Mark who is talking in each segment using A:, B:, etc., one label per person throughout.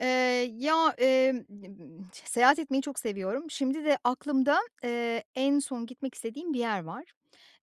A: Eee, ya, eee, n m t seyahat etmeyi çok seviyorum. Şimdi de aklımda, eee, en son gitmek istediğim bir yer var.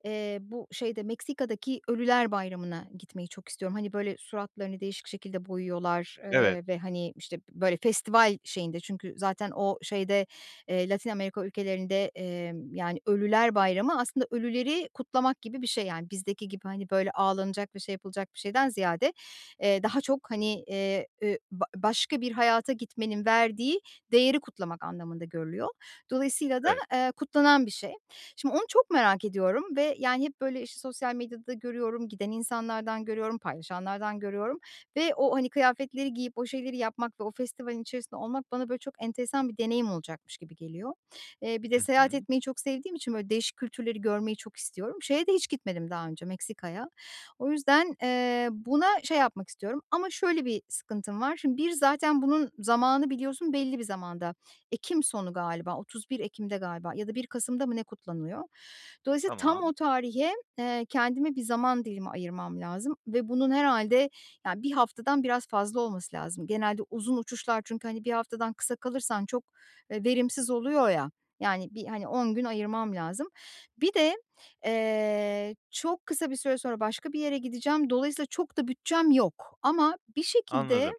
A: Eee, bu şeyde Meksika'daki "Ölüler Bayramı'na" gitmeyi çok istiyorum. Hani, böyle, suratlarını değişik şekilde boyuyorlar,
B: Evet.
A: eee, ve, hani, işte, böyle, festival şeyinde çünkü, zaten, o şeyde, eee, Latin Amerika ülkelerinde, eee, yani, "Ölüler Bayramı" aslında ölüleri kutlamak gibi bir şey, yani. Bizdeki gibi, hani, böyle, ağlanacak ve şey yapılacak bir şeyden ziyade, eee,
B: Hıh.
A: daha çok, hani, eee, eee, b başka bir hayata gitmenin verdiği değeri kutlamak anlamında görülüyor. Dolayısıyla da,
B: Evet.
A: ııı, kutlanan bir şey. Şimdi, onu çok merak ediyorum ve, yani, hep böyle, işte, sosyal medyada görüyorum, giden insanlardan görüyorum, paylaşanlardan görüyorum ve o, hani, kıyafetleri giyip o şeyleri yapmak ve o festivalin içerisinde olmak bana, böyle, çok enteresan bir deneyim olacakmış gibi geliyor. Eee, bir de
B: Hı
A: seyahat
B: hı.
A: etmeyi çok sevdiğim için böyle değişik kültürleri görmeyi çok istiyorum. Şeye de hiç gitmedim daha önce Meksika'ya. O yüzden, eee, buna şey yapmak istiyorum ama şöyle bir sıkıntım var. Şimdi, bir, zaten bunun zamanı biliyorsun belli bir zamanda, ekim sonu galiba, 31 Ekim'de galiba ya da 1 Kasım'da mı ne kutlanıyor. Dolayısıyla tam
B: Tamam.
A: o tarihe, eee, kendime bir zaman dilimi ayırmam lazım ve bunun herhâlde, ya, 1 haftadan biraz fazla olması lazım. Genelde uzun uçuşlar çünkü, hani, 1 haftadan kısa kalırsan çok, eee, verimsiz oluyor, ya, yani, bir, hani, 10 gün ayırmam lazım. Bir de, eee, çok kısa bir süre sonra başka bir yere gideceğim. Dolayısıyla çok da bütçem yok. Ama bir şekilde,
B: Anladım.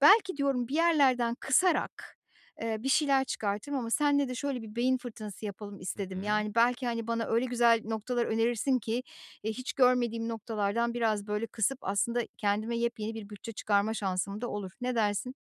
A: belki diyorum bir yerlerden kısarak, eee, bir şeyler çıkartırım ama senle de şöyle bir beyin fırtınası yapalım
B: Hı
A: istedim.
B: hı.
A: Yani, belki, hani, bana öyle güzel noktalar önerirsin ki, eee, hiç görmediğim noktalardan biraz, böyle, kısıp aslında kendime yepyeni bir bütçe çıkarma şansım da olur. Ne dersin?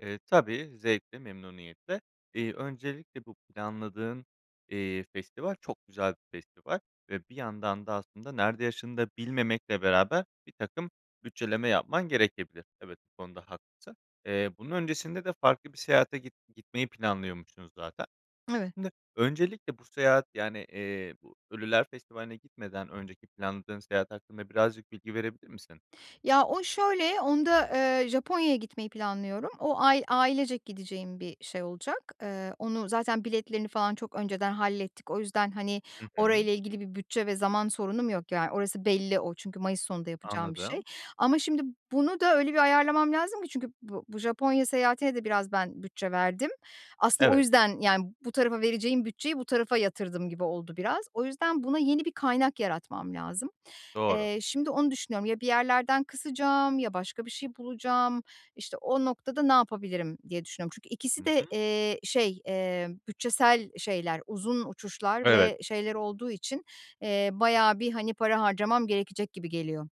B: Eee, tabii, zevkle, memnuniyetle. Eee, öncelikle bu planladığın, eee, festival çok güzel bir festival ve bir yandan da aslında, nerede yaşadığını bilmemekle beraber, birtakım bütçeleme yapman gerekebilir. Evet, bu konuda haklısın. Eee, bunun öncesinde de farklı bir seyahate git gitmeyi planlıyormuşsunuz zaten.
A: Evet.
B: Şimdi, öncelikle bu seyahat, yani, eee, bu Ölüler Festivali'ne gitmeden önceki planladığın seyahat hakkında birazcık bilgi verebilir misin?
A: Ya, o şöyle, onda, eee, Japonya'ya gitmeyi planlıyorum. O ay, ailecek gideceğim bir şey olacak. Eee, onu zaten biletlerini falan çok önceden hallettik. O yüzden, hani,
B: Hı hı.
A: orayla ilgili bir bütçe ve zaman sorunum yok, yani, orası belli o. Çünkü Mayıs sonunda yapacağım bir şey
B: Anladım.
A: ama, şimdi, bunu da öyle bir ayarlamam lazım ki, çünkü bu bu Japonya seyahatine de biraz ben bütçe verdim. Aslında o
B: Evet.
A: yüzden, yani, bu tarafa vereceğim bütçeyi bu tarafa yatırdım gibi oldu biraz. O yüzden buna yeni bir kaynak yaratmam lazım.
B: Doğru.
A: Eee, şimdi onu düşünüyorum. Ya bir yerlerden kısacağım ya başka bir şey bulacağım. İşte, o noktada ne yapabilirim diye düşünüyorum. Çünkü
B: Hı
A: ikisi de,
B: hı.
A: eee, şey, eee, bütçesel şeyler, uzun uçuşlar
B: Evet.
A: ve şeyler olduğu için, eee, bayağı bir, hani, para harcamam gerekecek gibi geliyor.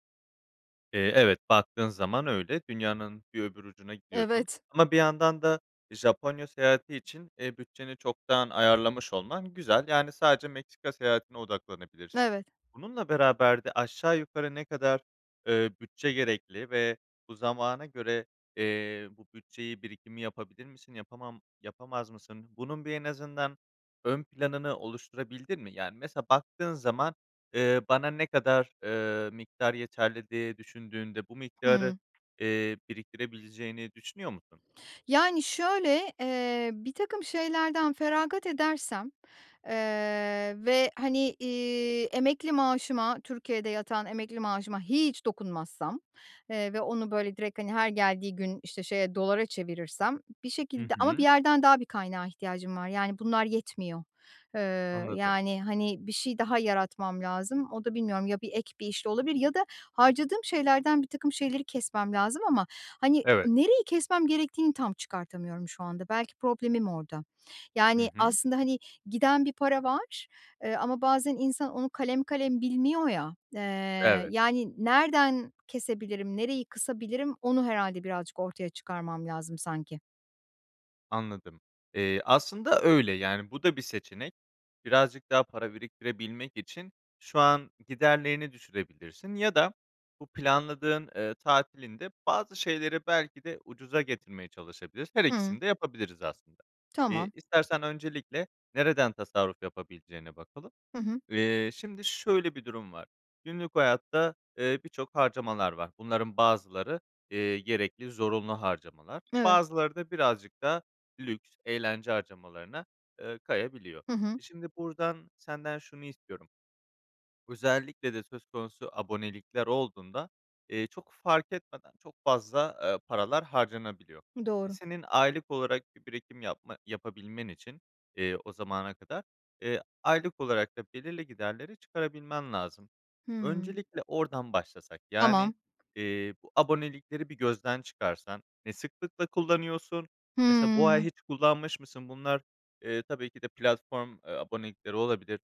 B: Eee, evet, baktığın zaman öyle, dünyanın bir öbür ucuna gidiyorsun
A: Evet.
B: ama bir yandan da Japonya seyahati için, eee, bütçeni çoktan ayarlamış olman güzel. Yani, sadece Meksika seyahatine odaklanabilirsin.
A: Evet.
B: Bununla beraber de aşağı yukarı ne kadar, eee, bütçe gerekli ve bu zamana göre, eee, bu bütçeyi, birikimi yapabilir misin? Yapamam yapamaz mısın? Bunun bir en azından ön planını oluşturabildin mi? Yani, mesela baktığın zaman, eee, bana ne kadar, eee, miktar yeterli diye düşündüğünde bu miktarı,
A: Hımm.
B: eee, biriktirebileceğini düşünüyor musun?
A: Yani, şöyle, eee, birtakım şeylerden feragat edersem, eee, ve, hani, iii, emekli maaşıma, Türkiye'de yatan emekli maaşıma hiç dokunmazsam, eee, ve onu, böyle, direkt, hani, her geldiği gün, işte, şeye, dolara çevirirsem bir
B: Hı
A: şekilde ama bir
B: hı.
A: yerden daha bir kaynağa ihtiyacım var. Yani, bunlar yetmiyor. Eee,
B: Anladım.
A: yani, hani, bir şey daha yaratmam lazım. O da bilmiyorum, ya bir ek bir işle olabilir ya da harcadığım şeylerden birtakım şeyleri kesmem lazım ama, hani,
B: Evet.
A: nereyi kesmem gerektiğini tam çıkartamıyorum şu anda. Belki problemim orada.
B: Hı
A: Yani,
B: hı.
A: aslında, hani, giden bir para var, eee, ama bazen insan onu kalem kalem bilmiyor ya, eee,
B: Evet.
A: yani, nereden kesebilirim, nereyi kısabilirim onu herhâlde birazcık ortaya çıkarmam lazım sanki.
B: Anladım, eee, aslında öyle, yani, bu da bir seçenek. Birazcık daha para biriktirebilmek için şu an giderlerini düşürebilirsin ya da bu planladığın, eee, tatilinde bazı şeyleri belki de ucuza getirmeye çalışabilirs Her
A: Hımm.
B: ikisini de yapabiliriz, aslında. Eee,
A: Tamam.
B: istersen öncelikle nereden tasarruf yapabileceğine bakalım.
A: Hı hı.
B: Eee, şimdi şöyle bir durum var. Günlük hayatta, eee, birçok harcamalar var. Bunların bazıları, eee, gerekli zorunlu harcamalar,
A: Evet.
B: bazıları da birazcık daha lüks, eğlence harcamalarına eee kayabiliyor.
A: Hı hı.
B: Şimdi buradan senden şunu istiyorum. Özellikle de söz konusu abonelikler olduğunda, eee, çok fark etmeden çok fazla, eee, paralar harcanabiliyor.
A: Doğru.
B: Senin aylık olarak bir birikim yapma yapabilmen için, eee, o zamana kadar, eee, aylık olarak da belirli giderleri çıkarabilmen lazım.
A: Hımm.
B: Öncelikle oradan başlasak, yani,
A: Tamam.
B: eee, bu abonelikleri bir gözden çıkarsan ne sıklıkla kullanıyorsun? Mesela, bu ay
A: Hımm.
B: hiç kullanmış mısın? Bunlar, eee, tabii ki de platform, eee, abonelikleri olabilir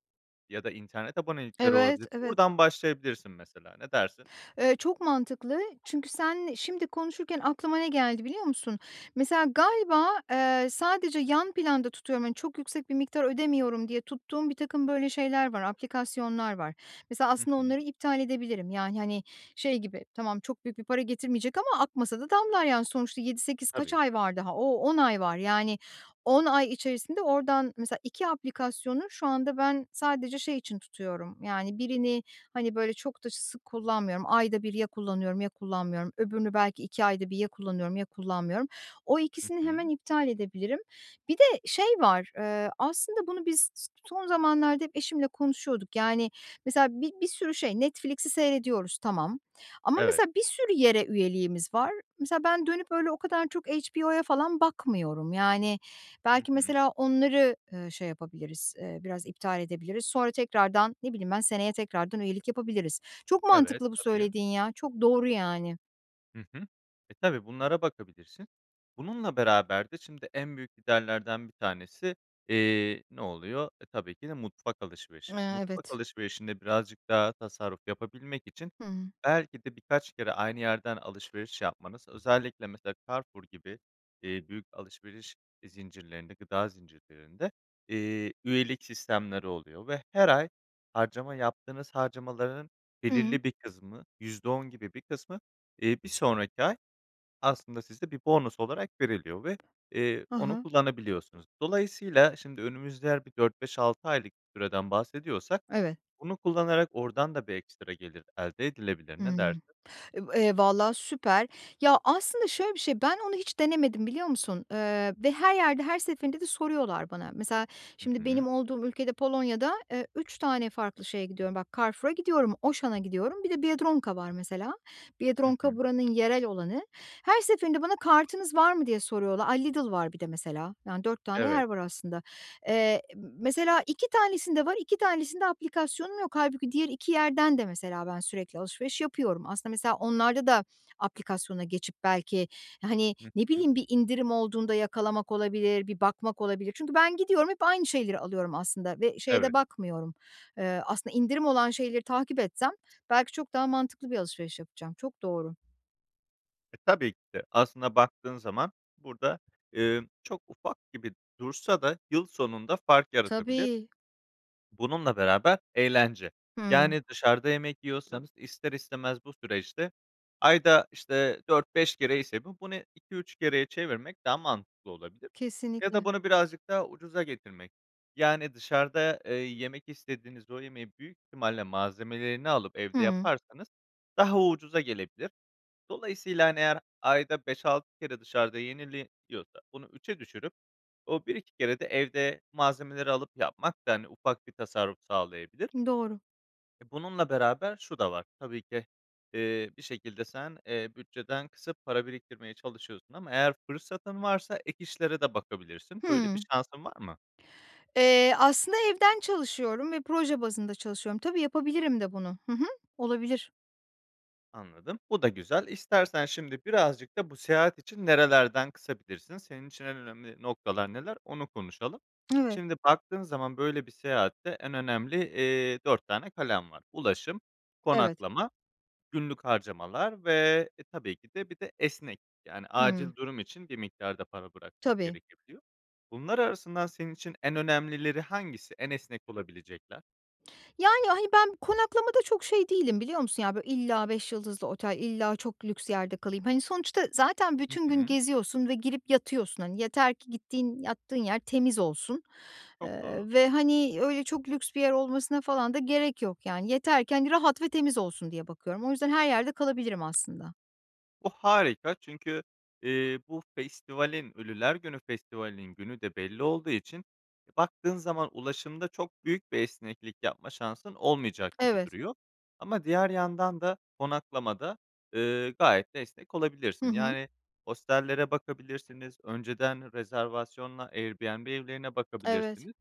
B: ya da internet abonelikleri
A: Evet,
B: olabilir.
A: evet.
B: Buradan başlayabilirsin mesela, ne dersin?
A: Eee, çok mantıklı. Çünkü sen şimdi konuşurken aklıma ne geldi biliyor musun? Mesela galiba, eee, sadece yan planda tutuyorum, hani, çok yüksek bir miktar ödemiyorum diye tuttuğum birtakım böyle şeyler var, aplikasyonlar var. Mesela
B: Hı
A: aslında
B: hı.
A: onları iptal edebilirim. Yani, hani, şey gibi, tamam, çok büyük bir para getirmeyecek ama akmasa da damlar, yani. Sonuçta 7-8 kaç
B: Tabii.
A: ay var daha? O, 10 ay var. Yani, 10 ay içerisinde oradan mesela 2 aplikasyonu şu anda ben sadece şey için tutuyorum. Yani, birini, hani, böyle, çok da sık kullanmıyorum. Ayda 1 ya kullanıyorum ya kullanmıyorum. Öbürünü belki 2 ayda 1 ya kullanıyorum ya kullanmıyorum. O
B: Hı
A: ikisini hemen
B: hı.
A: iptal edebilirim. Bir de şey var, eee, aslında bunu biz s son zamanlarda hep eşimle konuşuyorduk. Yani, mesela bir bir sürü şey Netflix'i seyrediyoruz, tamam. Ama
B: Evet.
A: mesela bir sürü yere üyeliğimiz var. Mesela, ben dönüp öyle o kadar çok HBO'ya falan bakmıyorum. Yani,
B: Hı
A: belki,
B: hı.
A: mesela onları, eee, şey yapabiliriz, eee, biraz iptal edebiliriz. Sonra tekrardan, ne bileyim ben, seneye tekrardan üyelik yapabiliriz. Çok
B: Evet,
A: mantıklı, bu
B: tabii.
A: söylediğin ya, çok doğru, yani.
B: Hı hı. E, tabii, bunlara bakabilirsin. Bununla beraber de şimdi en büyük giderlerden bir tanesi, eee, ne oluyor? E, tabii ki de mutfak alışverişi.
A: Eee,
B: Mutfak
A: evet.
B: alışverişinde birazcık daha tasarruf yapabilmek için
A: Hımm.
B: belki de birkaç kere aynı yerden alışveriş yapmanız özellikle, mesela, Carrefour gibi, eee, büyük alışveriş zincirlerinde, gıda zincirlerinde, eee, üyelik sistemleri oluyor ve her ay harcama yaptığınız harcamalarının
A: Hımm.
B: belirli bir kısmı %10 gibi bir kısmı bir, eee, 1 sonraki ay aslında sizde bir bonus olarak veriliyor ve, eee,
A: Hı
B: onu
A: hı.
B: kullanabiliyorsunuz. Dolayısıyla şimdi önümüzde eğer bir 4 5 6 aylık bir süreden bahsediyorsak,
A: Evet.
B: bunu kullanarak oradan da bir ekstra gelir elde edilebilir, ne
A: Hımm,
B: dersin?
A: e va eee, valla, süper. Ya, aslında, şöyle bir şey, ben onu hiç denemedim biliyor musun? Eee, ve her yerde her seferinde de soruyorlar bana. Mesela,
B: Hı
A: şimdi benim
B: hı.
A: olduğum ülkede, Polonya'da, eee, 3 tane farklı şeye gidiyorum. Bak, Carrefour'a gidiyorum, Auchan'a gidiyorum. Bir de Biedronka var, mesela.
B: Hı
A: Biedronka
B: hı.
A: buranın yerel olanı. Her seferinde bana, "Kartınız var mı?" diye soruyorlar. Ay, Lidl var bir de, mesela, yani, 4 tane yer
B: Evet.
A: var, aslında. Eee, mesela, 2 tanesinde var, 2 tanesinde aplikasyonum yok. Hâlbuki diğer 2 yerden de, mesela, ben sürekli alışveriş yapıyorum. Aslında, mesela, onlarda da aplikasyona geçip belki, hani,
B: Hı
A: ne
B: hı.
A: bileyim, bir indirim olduğunda yakalamak olabilir, bir bakmak olabilir. Çünkü ben gidiyorum hep aynı şeyleri alıyorum, aslında, ve şeye de
B: Evet.
A: bakmıyorum. Iıı, aslında, indirim olan şeyleri takip etsem belki çok daha mantıklı bir alışveriş yapacağım. Çok doğru.
B: E, tabii ki de, aslında baktığın zaman burada, eee, çok ufak gibi dursa da yıl sonunda fark yaratabilir.
A: Tabii.
B: Bununla beraber eğlence,
A: Hıı.
B: yani, dışarıda yemek yiyorsanız, ister istemez bu süreçte ayda, işte, 4-5 kere ise bu, bunu 2-3 kereye çevirmek daha mantıklı olabilir ya da
A: Kesinlikle.
B: bunu birazcık daha ucuza getirmek, yani, dışarıda, eee, yemek istediğiniz o yemeği büyük ihtimalle, malzemelerini alıp evde
A: Hıı.
B: yaparsanız daha ucuza gelebilir. Dolayısıyla, hani, eğer ayda 5-6 kere dışarıda yeniliyorsa, bunu 3'e düşürüp o, 1-2 kere de evde, malzemeleri alıp yapmak da, hani, ufak bir tasarruf sağlayabilir.
A: Doğru.
B: E, bununla beraber şu da var. Tabii ki, eee, bir şekilde sen, eee, bütçeden kısıp para biriktirmeye çalışıyorsun ama eğer fırsatın varsa ek işlere de bakabilirsin. Böyle bir
A: Hımm.
B: şansın var mı?
A: Eee, aslında evden çalışıyorum ve proje bazında çalışıyorum. Tabii, yapabilirim de bunu. Hı hı, olabilir.
B: Anladım, bu da güzel. İstersen şimdi birazcık da bu seyahat için nerelerden kısabilirsin, senin için en önemli noktalar neler onu konuşalım.
A: Evet.
B: Şimdi, baktığın zaman böyle bir seyahatte en önemli, eee, 4 tane kalem var. Ulaşım,
A: Evet.
B: konaklama, günlük harcamalar ve, e, tabii ki de, bir de, esneklik, yani,
A: Hıı.
B: acil durum için bir miktar da para bırakmak
A: Tabii.
B: gerekebiliyor. Bunlar arasından senin için en önemlileri hangisi, en esnek olabilecekler?
A: Yani, hani, ben konaklamada çok şey değilim biliyor musun? Ya, böyle illa 5 yıldızlı otel, illa çok lüks yerde kalayım. Hani, sonuçta zaten
B: Hı
A: bütün gün
B: hı.
A: geziyorsun ve girip yatıyorsun. Hani, yeter ki gittiğin, yattığın yer temiz olsun,
B: Çok doğru.
A: ııı, ve, hani, öyle çok lüks bir yer olmasına falan da gerek yok. Yani, yatarken rahat ve temiz olsun diye bakıyorum. O yüzden her yerde kalabilirim aslında.
B: Bu harika çünkü, eee, bu festivalin, Ölüler Günü Festivali'nin günü de belli olduğu için baktığın zaman ulaşımda çok büyük bir esneklik yapma şansın olmayacak gibi
A: Evet.
B: duruyor. Ama diğer yandan da konaklamada, ııı, gayet de esnek
A: Hı
B: olabilirsin.
A: hı.
B: Yani, hostellere bakabilirsiniz, önceden rezervasyonla Airbnb evlerine
A: Evet.
B: bakabilirsiniz.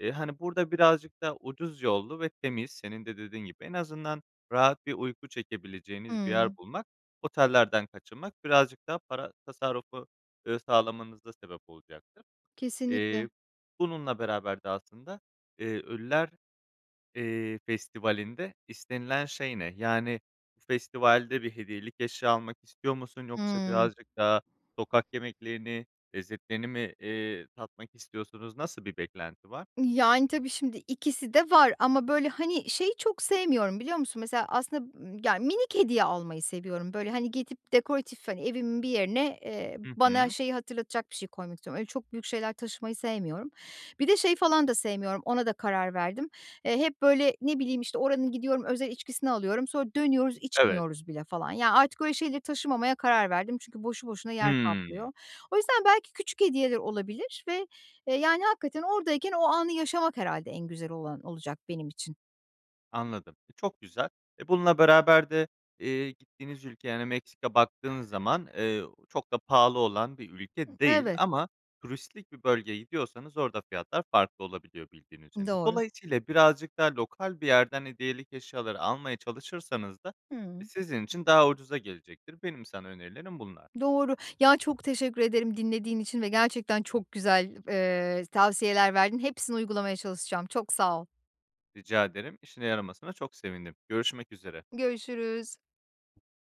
B: Eee, hani, burada birazcık da ucuz yollu ve temiz senin de dediğin gibi en azından rahat bir uyku çekebileceğiniz bir yer
A: Hıı.
B: bulmak, otellerden kaçınmak birazcık daha para tasarrufu, ııı, sağlamanıza sebep olacaktır.
A: Kesinlikle.
B: Eee, bununla beraber de aslında, iii, Ölüler, iii, Festivali'nde istenilen şey ne? Yani, bu festivalde bir hediyelik eşya almak istiyor musun yoksa
A: Hıı.
B: birazcık daha sokak yemeklerini, lezzetlerini mi, iii, tatmak istiyorsunuz? Nasıl bir beklenti var?
A: Yani, tabii şimdi ikisi de var. Ama, böyle, hani, şeyi çok sevmiyorum biliyor musun? Mesela aslında y ya minik hediye almayı seviyorum. Böyle, hani, gidip dekoratif, hani, evimin bir yerine, eee,
B: Hı
A: bana
B: hı.
A: şeyi hatırlatacak bir şey koymak istiyorum. Öyle çok büyük şeyler taşımayı sevmiyorum. Bir de şeyi falan da sevmiyorum, ona da karar verdim. Eee, hep böyle, ne bileyim, işte, oranın gidiyorum, özel içkisini alıyorum. Sonra dönüyoruz
B: Evet.
A: içmiyoruz bile falan. Ya artık öyle şeyleri taşımamaya karar verdim çünkü boşu boşuna yer
B: Hıı.
A: kaplıyor. O yüzden belki küçük hediyeler olabilir ve, yani, hakikaten oradayken o anı yaşamak herhâlde en güzel olan, olacak benim için.
B: Anladım. E, çok güzel, eee, bununla beraber de, eee, gittiğiniz ülkeye, yani Meksika baktığınız zaman, eee, çok da pahalı olan bir ülke değil
A: Evet.
B: ama turistik bir bölgeye gidiyorsanız orada fiyatlar farklı olabiliyor, bildiğiniz üzere.
A: Doğru.
B: Dolayısıyla birazcık daha lokal bir yerden hediyelik eşyaları almaya çalışırsanız da
A: Hıı.
B: sizin için daha ucuza gelecektir. Benim sana önerilerim bunlar.
A: Doğru, ya, çok teşekkür ederim dinlediğin için ve gerçekten çok güzel, eee, tavsiyeler verdin. Hepsini uygulamaya çalışacağım, çok sağ ol.
B: Rica ederim, işine yaramasına çok sevindim. Görüşmek üzere.
A: Görüşürüz.